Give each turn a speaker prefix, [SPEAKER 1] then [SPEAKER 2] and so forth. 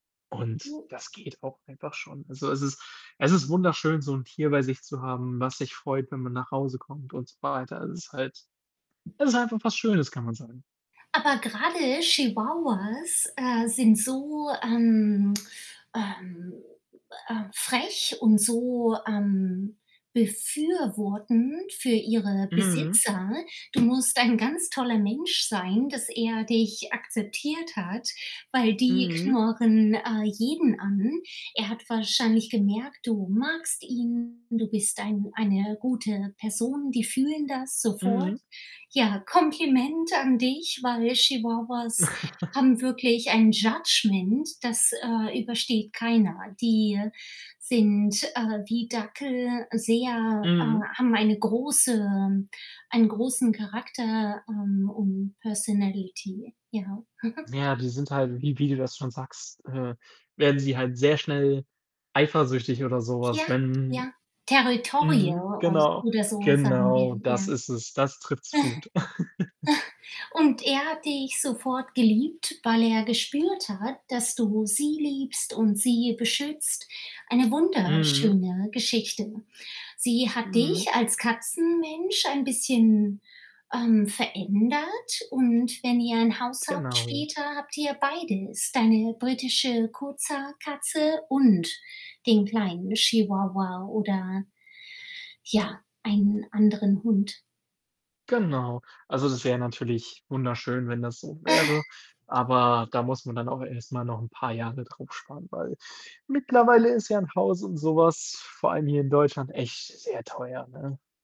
[SPEAKER 1] Und
[SPEAKER 2] [unintelligible]
[SPEAKER 1] das geht auch einfach schon. Also, es ist es ist wunderschön, so 'n Tier bei sich zu haben, was sich freut, wenn man nach Hause kommt und so weiter. Also, es ist halt es ist einfach was Schönes, kann man sagen.
[SPEAKER 2] Aber gerade Chihuahuas, äh, sind so, ähm, ähm, äh, frech und so, ähm, befürwortend für
[SPEAKER 1] [unintelligible]
[SPEAKER 2] ihre
[SPEAKER 1] Mhm.
[SPEAKER 2] Besitzer. Du musst ein ganz toller Mensch sein, dass er dich akzeptiert hat, weil die
[SPEAKER 1] Mhm.
[SPEAKER 2] knurren, äh, jeden an. Er hat wahrscheinlich gemerkt, du magst ihn, du bist ein eine gute Person, die fühlen das sofort.
[SPEAKER 1] Mhm.
[SPEAKER 2] Ja, Kompliment an dich, weil Chihuahuas haben wirklich ein Judgement, das, äh, übersteht keiner. Die sind, äh, wie Dackel sehr äh,
[SPEAKER 1] Mhm.
[SPEAKER 2] haben eine große einen großen Charakter, ähm, und Personality, ja.
[SPEAKER 1] Ja, die sind halt wie wie du das schon sagst, äh, werden sie halt sehr schnell eifersüchtig oder so
[SPEAKER 2] Ja,
[SPEAKER 1] was, wenn
[SPEAKER 2] ja. Territorial
[SPEAKER 1] mhm,
[SPEAKER 2] oder
[SPEAKER 1] genau,
[SPEAKER 2] oder so, sagen
[SPEAKER 1] genau,
[SPEAKER 2] wir,
[SPEAKER 1] das
[SPEAKER 2] ja.
[SPEAKER 1] ist es. Das trifft's gut.
[SPEAKER 2] Und er hat dich sofort geliebt, weil er gespürt hat, dass du sie liebst und sie beschützt. Eine
[SPEAKER 1] Mhm.
[SPEAKER 2] wunderschöne Geschichte. Sie hat dich
[SPEAKER 1] Mhm.
[SPEAKER 2] als Katzenmensch ein bisschen, ähm, verändert und wenn ihr ein Haus habt
[SPEAKER 1] Genau.
[SPEAKER 2] später, habt ihr beides, deine britische Kurzhaar-Katze und den kleinen Chihuahua oder ja, einen anderen Hund.
[SPEAKER 1] Genau. Also, das wäre natürlich wunderschön, wenn das so wäre, aber da muss man dann auch erst mal noch 'n paar Jahre drauf sparen, weil mittlerweile ist ja 'n Haus und so was vor allem hier in Deutschland echt sehr teuer, ne?